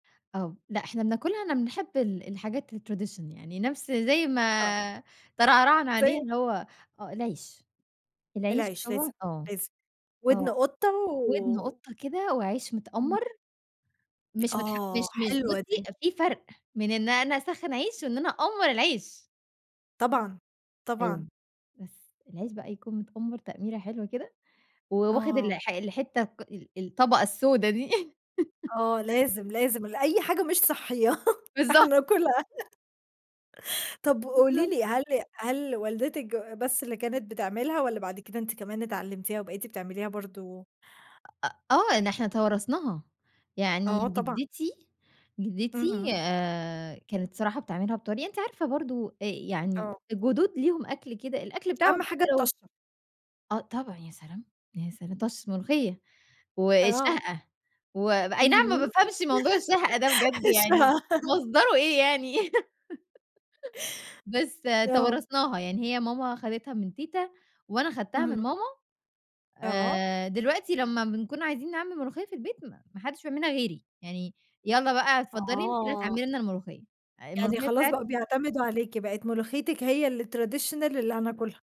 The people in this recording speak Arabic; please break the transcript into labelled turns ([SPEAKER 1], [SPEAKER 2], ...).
[SPEAKER 1] آه لأ إحنا بناكلها إحنا بنحب ال الحاجات الtradition يعني، نفس زي
[SPEAKER 2] آه.
[SPEAKER 1] ما ترعرعنا عليها
[SPEAKER 2] زي
[SPEAKER 1] اللي هو آه العيش، العيش
[SPEAKER 2] العيش
[SPEAKER 1] هو
[SPEAKER 2] لازم،
[SPEAKER 1] آه،
[SPEAKER 2] لازم ودن
[SPEAKER 1] آه
[SPEAKER 2] قطَّة
[SPEAKER 1] ودن
[SPEAKER 2] و
[SPEAKER 1] قطَّة كده وعيش
[SPEAKER 2] إمم.
[SPEAKER 1] متأمّر مش متح
[SPEAKER 2] آه،
[SPEAKER 1] مش مش
[SPEAKER 2] حلوة
[SPEAKER 1] بُصّي
[SPEAKER 2] دي.
[SPEAKER 1] في فرق من إن أنا أسخّن عيش، وإن أنا أأمّر العيش.
[SPEAKER 2] طبعًا، طبعًا.
[SPEAKER 1] أيوه بس العيش بقى يكون متأمّر تأميرة حلوة كده، وواخد ال
[SPEAKER 2] آه.
[SPEAKER 1] الحتّة ال الطبقة السودة دي.
[SPEAKER 2] آه لازم، لازم لأي حاجة مش صحيّة
[SPEAKER 1] بالضبط.
[SPEAKER 2] هناكلها. طب قولي
[SPEAKER 1] بالضبط.
[SPEAKER 2] لي هل هل والدتِك بس اللي كانت بتعملها، والّا بعد كده أنتِ كمان اتعلمتيها وبقيتي بتعمليها برضه؟
[SPEAKER 1] آآ، آه إن إحنا توارثناها يعني
[SPEAKER 2] آه طبعًا.
[SPEAKER 1] جدتي جدتي
[SPEAKER 2] اهم.
[SPEAKER 1] آآ كانت صراحة بتعملها بطريقة، أنتِ عارفة برضه آآ يعني
[SPEAKER 2] آه.
[SPEAKER 1] الجدود ليهم أكل كده الأكل بتاعهم
[SPEAKER 2] أهم حاجة
[SPEAKER 1] حتى لو
[SPEAKER 2] الطشّة.
[SPEAKER 1] آه طبعًا يا سلام! يا سلام! طشّة ملوخيّة
[SPEAKER 2] آه.
[SPEAKER 1] والشهقة وأي نعم ما
[SPEAKER 2] اهم.
[SPEAKER 1] بافهمش موضوع الشهقة ده بجد يعني
[SPEAKER 2] [unintelligible]
[SPEAKER 1] مصدره إيه يعني. بس
[SPEAKER 2] آه.
[SPEAKER 1] توارثناها يعني، هي ماما أخدتها من تيتا، وأنا أخدتها من
[SPEAKER 2] اهم.
[SPEAKER 1] ماما،
[SPEAKER 2] آه.
[SPEAKER 1] آآ دلوقتي لما بنكون عايزين نعمل ملوخيّة في البيت ما حدش بيعملها غيري، يعني يالّا بقى اتفضلي أنتِ اللي
[SPEAKER 2] آه.
[SPEAKER 1] هتعملي لنا الملوخيّة،
[SPEAKER 2] يعني
[SPEAKER 1] الملوخيّة
[SPEAKER 2] خلاص بقوا
[SPEAKER 1] بتاعتي
[SPEAKER 2] بيعتمدوا عليكِ بقت ملوخيتِك هي الtraditional اللي هناكُلها.